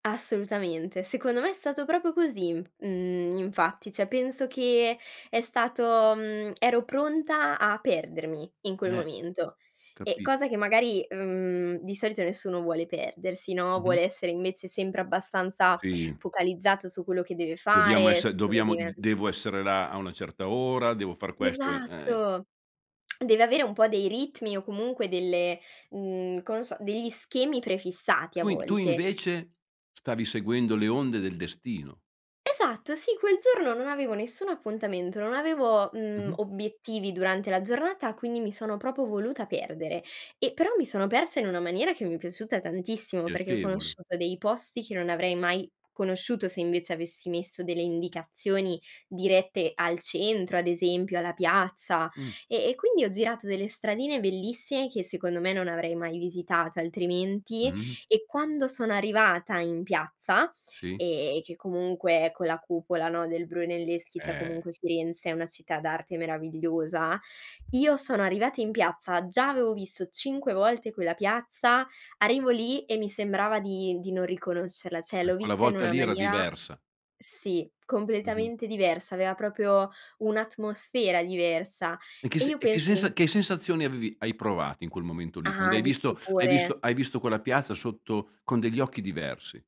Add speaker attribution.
Speaker 1: Assolutamente, secondo me è stato proprio così. Mhmm, infatti, cioè penso che è stato, mhmm, ero pronta a perdermi in quel
Speaker 2: Eh!
Speaker 1: momento. E,
Speaker 2: Capi
Speaker 1: cosa che magari, mhmm, di solito nessuno vuole perdersi, no?
Speaker 2: Mh-mh.
Speaker 1: Vuole essere invece sempre abbastanza
Speaker 2: Sì.
Speaker 1: focalizzato su quello che deve
Speaker 2: Dobbiamo
Speaker 1: fare, su
Speaker 2: esse
Speaker 1: dove
Speaker 2: dobbiamo
Speaker 1: deve an
Speaker 2: d devo essere là a una certa ora, devo far questo i eh.
Speaker 1: Esatto! Deve avere un po' dei ritmi o comunque delle mhmm, con so, degli schemi prefissati a
Speaker 2: Tu in tu
Speaker 1: volte.
Speaker 2: invece? Stavi seguendo le onde del destino.
Speaker 1: Esatto, sì, quel giorno non avevo nessun appuntamento, non avevo, mhmm,
Speaker 2: Mh-mh.
Speaker 1: obiettivi durante la giornata, quindi mi sono proprio voluta perdere. E però mi sono persa in una maniera che mi è piaciuta tantissimo perché ho
Speaker 2: Piacevole.
Speaker 1: conosciuto dei posti che non avrei mai conosciuto se invece avessi messo delle indicazioni dirette al centro, ad esempio, alla piazza
Speaker 2: Mh.
Speaker 1: e e quindi ho girato delle stradine bellissime che secondo me non avrei mai visitato altrimenti,
Speaker 2: Mh.
Speaker 1: e quando sono arrivata in piazza,
Speaker 2: Sì.
Speaker 1: ehm, che comunque è con la cupola, no, del Brunelleschi, cioè
Speaker 2: Eh!
Speaker 1: comunque Firenze è una città d'arte meravigliosa, io sono arrivata in piazza, già avevo visto 5 volte quella piazza, arrivo lì e mi sembrava di di non riconoscerla, cioè l'ho
Speaker 2: Eh quella
Speaker 1: vista in
Speaker 2: volta
Speaker 1: una
Speaker 2: lì era
Speaker 1: maniera
Speaker 2: diversa.
Speaker 1: sì,
Speaker 2: Mh-mh.
Speaker 1: completamente diversa, aveva proprio un'atmosfera diversa
Speaker 2: E che
Speaker 1: e
Speaker 2: se
Speaker 1: io
Speaker 2: e che
Speaker 1: penso che n
Speaker 2: sensa che sensazioni avevi hai provato in quel momento lì? Quando
Speaker 1: Ah-ah.
Speaker 2: hai
Speaker 1: Di
Speaker 2: visto hai visto
Speaker 1: stupore.
Speaker 2: hai visto quella piazza sotto con degli occhi diversi?